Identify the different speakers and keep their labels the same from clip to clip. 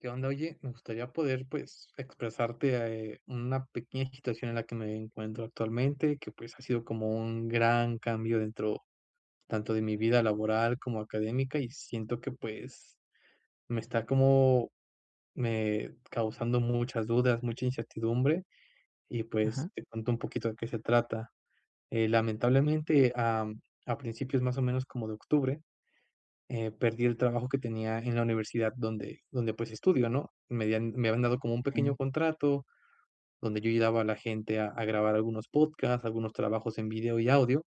Speaker 1: ¿Qué onda?, oye, me gustaría poder pues, expresarte, ah, eh, una pequeña situación en la que me encuentro actualmente que, pues, ha sido como un gran cambio dentro, tanto de mi vida laboral como académica, y siento que pues, me está como me causando muchas dudas, mucha incertidumbre, y
Speaker 2: Ajá.
Speaker 1: pues, te cuento un poquito de qué se trata. Eh, lamentablemente, am, a principios más o menos como de Octubre. Eh, perdí el trabajo que tenía en la universidad donde donde pues, estudio, ¿no?, me habían me habían dado como un pequeño
Speaker 2: Okey.
Speaker 1: contrato donde yo ayudaba a la gente a a grabar algunos podcasts, algunos trabajos en vídeo y audio.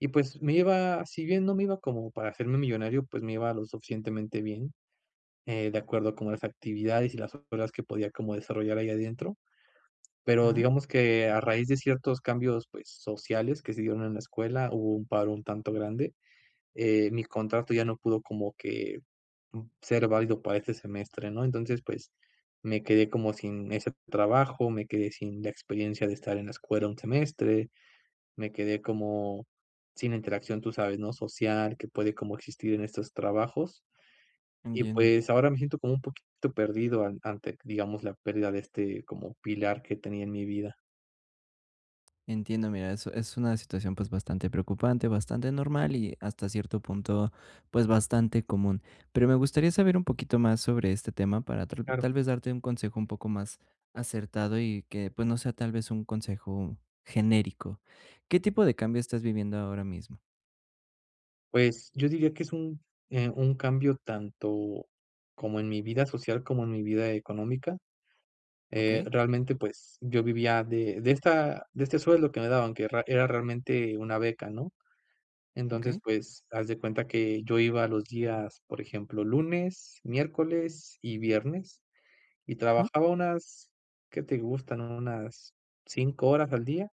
Speaker 1: Y pues, me iba, si bien no me iba como para hacerme millonario, pues, me iba lo suficientemente bien. Eh, de acuerdo con las actividades, y las horas que podía como desarrollar ahí adentro. Pero,
Speaker 2: Ajá.
Speaker 1: digamos que a raíz de ciertos cambios, pues, sociales que se dieron en la escuela hubo un paro un tanto grande. Eh, mi contrato ya no pudo como que, uh, ser válido para este semestre, ¿no?, entonces, pues, me quedé como sin ese trabajo. Me quedé sin la experiencia de estar en la escuela un semestre. Me quedé como sin interacción, tú sabes, ¿no?, social, que puede como existir en estos trabajos. Y
Speaker 2: Entiendo.
Speaker 1: pues, ahora me siento como un poquito perdido an ante, digamos, la pérdida de este, como pilar que tenía en mi vida.
Speaker 2: Entiendo. Mira, eso es una situación, pues, bastante preocupante, bastante normal, y hasta cierto punto, pues, bastante común. Pero me gustaría saber un poquito más sobre este tema para tra
Speaker 1: Claro.
Speaker 2: tal vez darte un consejo un poco más acertado, y que, pues, no sea tal vez un consejo genérico, ¿qué tipo de cambio estás viviendo ahora mismo?
Speaker 1: Pues, yo diría que es un, eh, un cambio tanto como en mi vida social, como en mi vida económica. Eh,
Speaker 2: Okey.
Speaker 1: realmente, pues, yo vivía de de esta de este sueldo que me daban que ra era realmente una beca, ¿no? Entonces,
Speaker 2: Okey.
Speaker 1: pues, haz de cuenta que yo iba a los días, por ejemplo, lunes, miércoles y viernes, y
Speaker 2: Ajá.
Speaker 1: trabajaba unas, ¿qué te gustan?, unas 5 horas al día,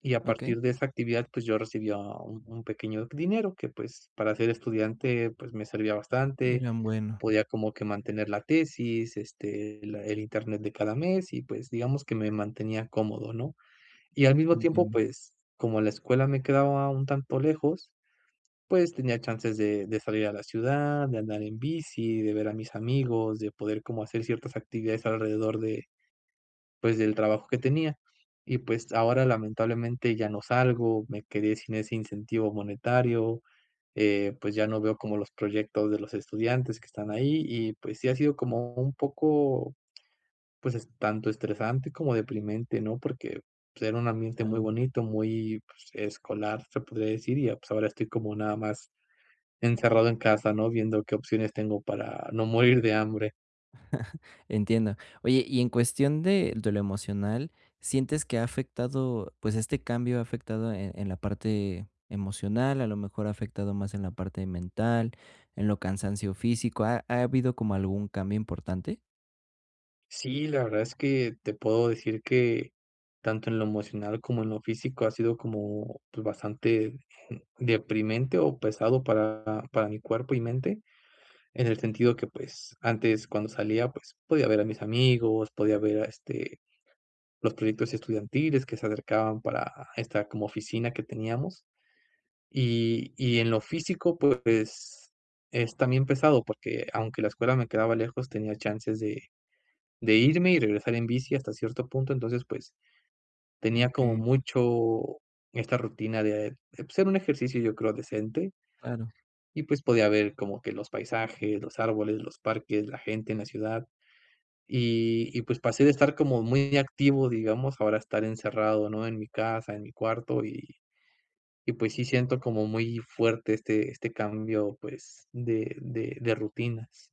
Speaker 1: y a
Speaker 2: Okey.
Speaker 1: partir de esa actividad, pues, yo recibía un un pequeño dinero que, pues, para ser estudiante, pues, me servía bastante.
Speaker 2: Eran bueno.
Speaker 1: Podía como que mantener la tesis, este, la el internet de cada mes, y, pues, digamos que me mantenía cómodo, ¿no? Y al mismo tiempo,
Speaker 2: Entiendo.
Speaker 1: pues, como la escuela me quedaba un tanto lejos, pues, tenía chances de de salir a la ciudad, de andar en bici, de ver a mis amigos, de poder como hacer ciertas actividades alrededor de, pues, del trabajo que tenía. Y, pues, ahora, lamentablemente, ya no salgo, me quedé sin ese incentivo monetario, eh, pues, ya no veo como los proyectos de los estudiantes que están ahí. Y pues sí ha sido como un poco, pues, es tanto estresante como deprimente, ¿no? Porque, pues, era un ambiente muy
Speaker 2: Claro.
Speaker 1: bonito, muy, pues, escolar, se podría decir, y, eh, pues ahora estoy como nada más encerrado en casa, ¿no? Viendo qué opciones tengo para no morir de hambre.
Speaker 2: Entiendo. Oye, y en cuestión de de lo emocional, ¿sientes que ha afectado, pues, este cambio ha afectado, eh, en la parte emocional, a lo mejor ha afectado más en la parte mental, en lo cansancio físico, ha ha habido como algún cambio importante?
Speaker 1: Sí, la verdad es que, te puedo decir que, tanto en lo emocional como en lo físico ha sido como, pues, bastante deprimente o pesado para para mi cuerpo y mente en el sentido que, pues, antes, cuando salía, pues, podía ver a mis amigos, podía ver a, este, los proyectos estudiantiles que se acercaban para esta como oficina que teníamos. Y y en lo físico, pues, es también pesado porque, aunque la escuela me quedaba lejos, tenía chances de de irme y regresar en bici, hasta cierto punto. Entonces, pues, tenía como
Speaker 2: Okey.
Speaker 1: mucho esta rutina de, pues, era un ejercicio yo creo decente
Speaker 2: Claro.
Speaker 1: y pues podía ver como que los paisajes, los árboles, los parques, la gente en la ciudad. Y y, pues, pasé de estar como muy activo, digamos, a ahora a estar encerrado, ¿no?, en mi casa, en mi cuarto. Y y, pues sí, siento como muy fuerte este este cambio, pues, de de de rutinas.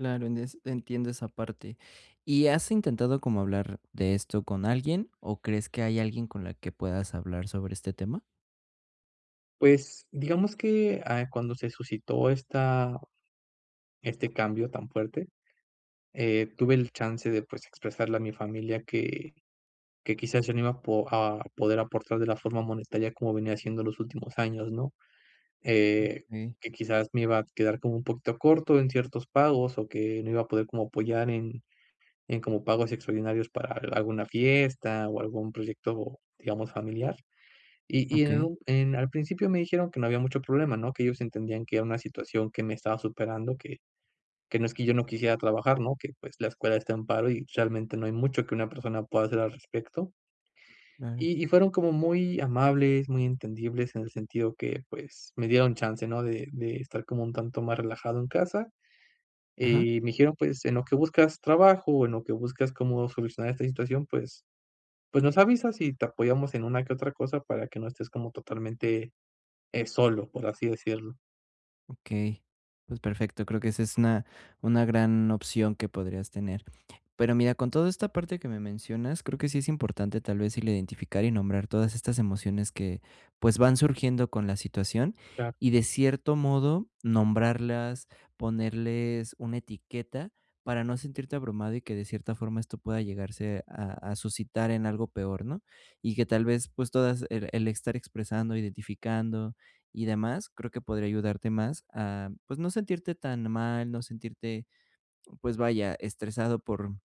Speaker 2: Claro. En es entiendo esa parte, ¿y has intentado como hablar de esto con alguien? ¿O crees que hay alguien con la que puedas hablar sobre este tema?
Speaker 1: Pues, digamos que, ah, cuando se suscitó esta este cambio tan fuerte. Eh, tuve el chance de, pues, expresarle a mi familia que que quizás, yo no iba a po a poder aportar de la forma monetaria como venía siendo en los últimos años, ¿no?, Eh,
Speaker 2: Okey.
Speaker 1: que, quizás, me iba a quedar como un poquito corto en ciertos pagos, o que no iba a poder como apoyar en, en como pagos extraordinarios para alguna fiesta, o algún proyecto, digamos familiar. Y y en
Speaker 2: Okey.
Speaker 1: en al principio me dijeron que no había mucho problema, no que ellos entendían que era una situación que me estaba superando que, que no es que yo no quisiera trabajar, no que, pues, la escuela está en paro, y realmente no hay mucho que una persona pueda hacer al respecto.
Speaker 2: Claro.
Speaker 1: Y y fueron como muy amables, muy entendibles en el sentido que, pues, me dieron chance, no de de estar como un tanto más relajado en casa.
Speaker 2: Ajá.
Speaker 1: Y me dijeron, pues, en lo que buscas trabajo, o en lo que buscas cómo solucionar esta situación. Pues, pues nos avisas y te apoyamos en una que otra cosa para que no estés como totalmente, eh, solo, por así decirlo.
Speaker 2: Okey, pues, perfecto. Creo que esa es una, una gran opción que podrías tener. Pero mira, con toda esta parte que me mencionas, creo que sí es importante, tal vez, y le identificar y nombrar todas estas emociones que pues van surgiendo con la situación.
Speaker 1: Claro.
Speaker 2: Y, de cierto modo, nombrarlas, ponerles una etiqueta para no sentirte abrumado y que de cierta forma esto pueda llegarse a a suscitar en algo peor, ¿no? Y que tal vez, pues todas el el estar expresando, identificando y demás, creo que podría ayudarte más a, pues, no sentirte tan mal, no sentirte, pues, vaya, estresado por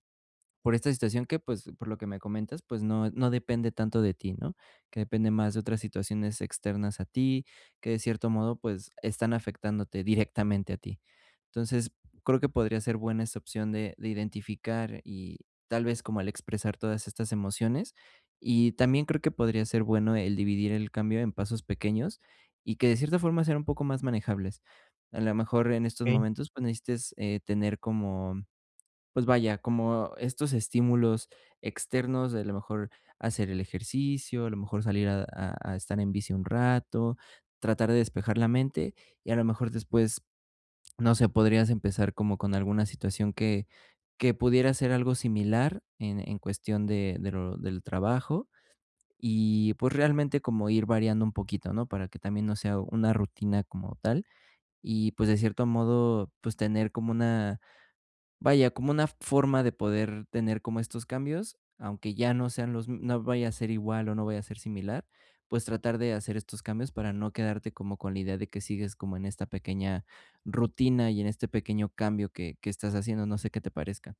Speaker 2: por esta situación que, pues, por lo que me comentas, pues, no no depende tanto de ti, ¿no?, que depende más de otras situaciones externas a ti, que de cierto modo, pues, están afectándote directamente a ti. Entonces, creo que podría ser buena esa opción de de identificar, y, tal vez, como al expresar todas estas emociones. Y, también creo que podría ser bueno el dividir el cambio en pasos pequeños, y que de cierta forma sean un poco más manejables. A la mejor, en estos
Speaker 1: Okey.
Speaker 2: momentos, pues, necesites, eh, tener como, pues, vaya, como estos estímulos externos de, a lo mejor, hacer el ejercicio, a lo mejor, salir a a a estar en bici un rato, tratar de despejar la mente. Y, a lo mejor después, no sé, podrías empezar como con alguna situación que que pudiera ser algo similar en en cuestión de de lo del trabajo. Y, pues, realmente como ir variando un poquito, ¿no? Para que también no sea una rutina como tal, y, pues, de cierto modo, pues, tener como una, vaya, como una forma de poder tener como estos cambios, aunque ya no sean los m no vaya a ser igual, o no vaya a ser similar, pues, tratar de hacer estos cambios para no quedarte como con la idea de que sigues como en esta pequeña rutina y en este pequeño cambio que que estás haciendo. No sé qué te parezca.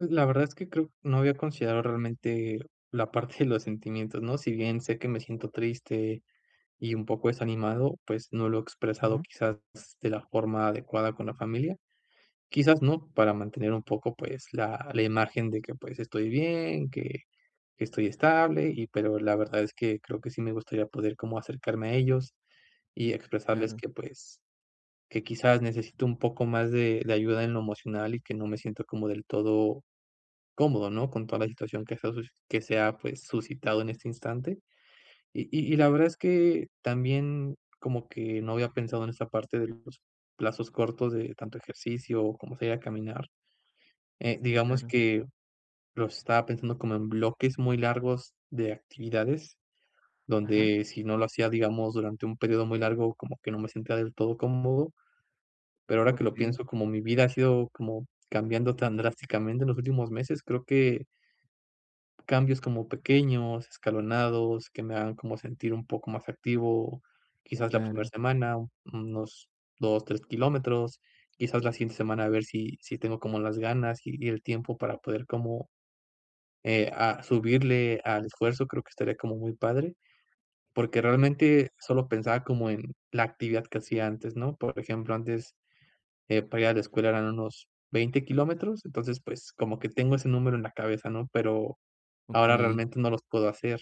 Speaker 1: Pues, la verdad es que creo no había considerado realmente la parte de los sentimientos, ¿no? Si bien sé que me siento triste, y un poco desanimado, pues, no lo he expresado,
Speaker 2: Ajá.
Speaker 1: quizás s de la forma adecuada con la familia. Quizás, ¿no?, para mantener un poco, pues, la la imagen de que, pues, estoy bien, que que estoy estable, y pero la verdad es que creo que sí me gustaría poder como acercarme a ellos, y expresarles
Speaker 2: Claro.
Speaker 1: que, pues, que, quizás, necesito un poco más de de ayuda en lo emocional, y que no me siento como del todo cómodo, ¿no?, con toda la situación que se ha suci que se ha, pues, suscitado en este instante. Y y y la verdad es que también como que no había pensado en esa parte de los plazos cortos de tanto ejercicio, o como sería caminar, eh, digamos
Speaker 2: Claro.
Speaker 1: que lo estaba pensando como en bloques muy largos de actividades,
Speaker 2: Ajá.
Speaker 1: donde si no lo hacía, digamos, durante un período muy largo, como que no me sentía del todo cómodo. Pero ahora que lo
Speaker 2: Okey.
Speaker 1: pienso como mi vida ha sido como cambiando tan drásticamente en los últimos meses, creo que cambios como pequeños, escalonados, que me hagan como sentir un poco más activo. Quizás, la primera
Speaker 2: Claro.
Speaker 1: semana, unos 2, 3 kilómetros, quizás, la siguiente semana a ver si si tengo como las ganas, y y el tiempo para poder como, eh, a subirle al esfuerzo, creo que estaría como muy padre. Porque realmente solo pensaba como en la actividad que hacía antes, ¿no? Por ejemplo, antes, eh, para ir a la escuela eran unos 20 kilómetros, entonces, pues, como que tengo ese número en la cabeza, ¿no? Pero ahora
Speaker 2: Okey.
Speaker 1: realmente no los puedo hacer.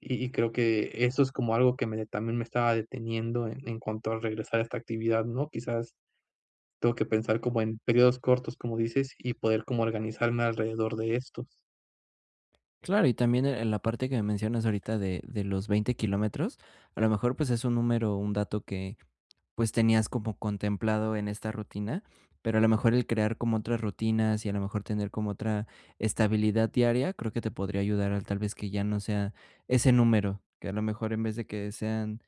Speaker 1: Y y creo que eso es como algo que me también me estaba deteniendo e en cuanto a regresar a esta actividad, ¿no? Quizás, tengo que pensar como en períodos cortos, como dices, y poder como organizarme alrededor de estos.
Speaker 2: Claro, y también, eh, en la parte que me mencionas ahorita de de los 20 kilómetros, a lo mejor, pues, es un número, un dato que, pues, tenías como contemplado en esta rutina, pero a lo mejor el crear como otras rutinas, y a lo mejor tener como otra estabilidad diaria, creo que te podría ayudar a, tal vez, que ya no sea ese número. Que a lo mejor en vez de que sean,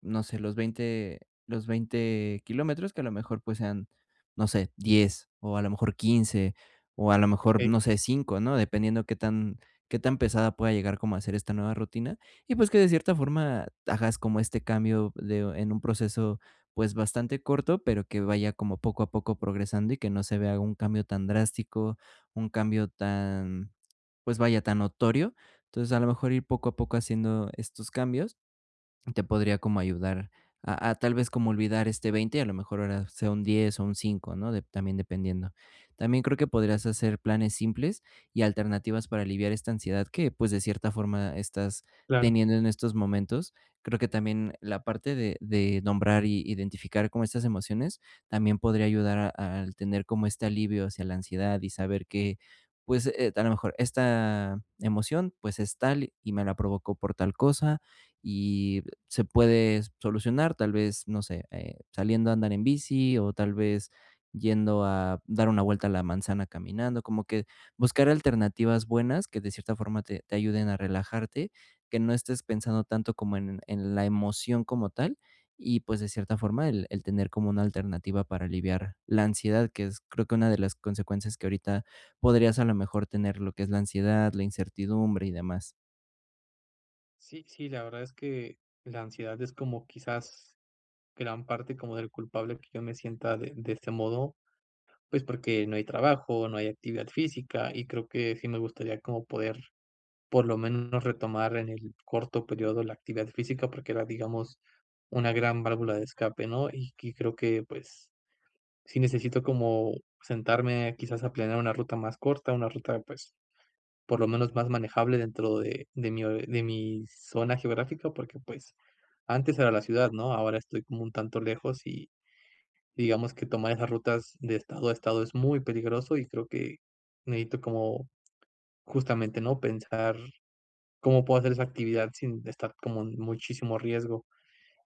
Speaker 2: no sé, los 20 los 20 kilómetros, que a lo mejor, pues sean no sé, 10, o a lo mejor 15 o a lo mejor,
Speaker 1: Okey.
Speaker 2: no sé, 5, ¿no?, dependiendo que tan que tan pesada pueda llegar como a ser esta nueva rutina, y pues, que de cierta forma hagas como este cambio de en un proceso, pues, bastante corto, pero que vaya como poco a poco progresando, y que no se vea un cambio tan drástico, un cambio tan, pues vaya, tan notorio. Entonces, a lo mejor ir poco a poco haciendo estos cambios te podría como ayudar a a, tal vez, como olvidar este, 20 y a lo mejor ahora sea un 10 o un 5, ¿no?, de también dependiendo. También creo que podrías hacer planes simples, y alternativas para aliviar esta ansiedad que, pues, de cierta forma estás
Speaker 1: Claro.
Speaker 2: teniendo en estos momentos. Creo que también la parte de de nombrar y identificar como estas emociones, también podría ayudar a al tener como este alivio hacia la ansiedad, y saber que, pues, eh, a lo mejor, esta emoción, pues, es tal y me la provocó por tal cosa. Y se puede solucionar, tal vez, no sé, eh, saliendo a andar en bici, o tal vez, yendo a dar una vuelta a la manzana caminando, como que buscar alternativas buenas que de cierta forma te te ayuden a relajarte, que no estés pensando tanto como en en la emoción como tal, y pues, de cierta forma, el el tener como una alternativa para aliviar la ansiedad, que es, creo una de las consecuencias que ahorita podrías a la mejor tener lo que es la ansiedad, la incertidumbre y demás.
Speaker 1: Sí, sí, la verdad es que la ansiedad es como quizás gran parte como del culpable que yo me sienta de de este modo, pues, porque no hay trabajo, no hay actividad física, y creo que sí me gustaría como poder, por lo menos, retomar en el corto periodo la actividad física, porque era, digamos, una gran válvula de escape ¿no? Y y creo que, pues, sí necesito como sentarme, quizás a planear una ruta más corta, una ruta, pues, por lo menos, más manejable dentro de de mi o de mi zona geográfica porque, pues, antes era la ciudad ¿no? Ahora estoy como un tanto lejos y, digamos que, tomar esas rutas de estado a estado es muy peligroso, y creo que necesito como, justamente, ¿no? Pensar cómo puedo hacer esa actividad sin estar como en muchísimo riesgo.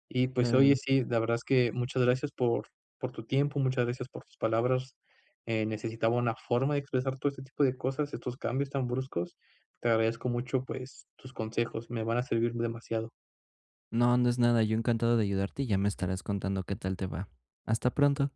Speaker 1: Y, pues, oye,
Speaker 2: Claro.
Speaker 1: sí, la verdad es que muchas gracias por por tu tiempo. Muchas gracias por tus palabras. Eh, necesitaba una forma de expresar todo este tipo de cosas, estos cambios tan bruscos. Te agradezco mucho, pues, tus consejos. Me van a servir demasiado.
Speaker 2: No, no es nada. Yo encantado de ayudarte, y ya me estarás contando qué tal te va. Hasta pronto.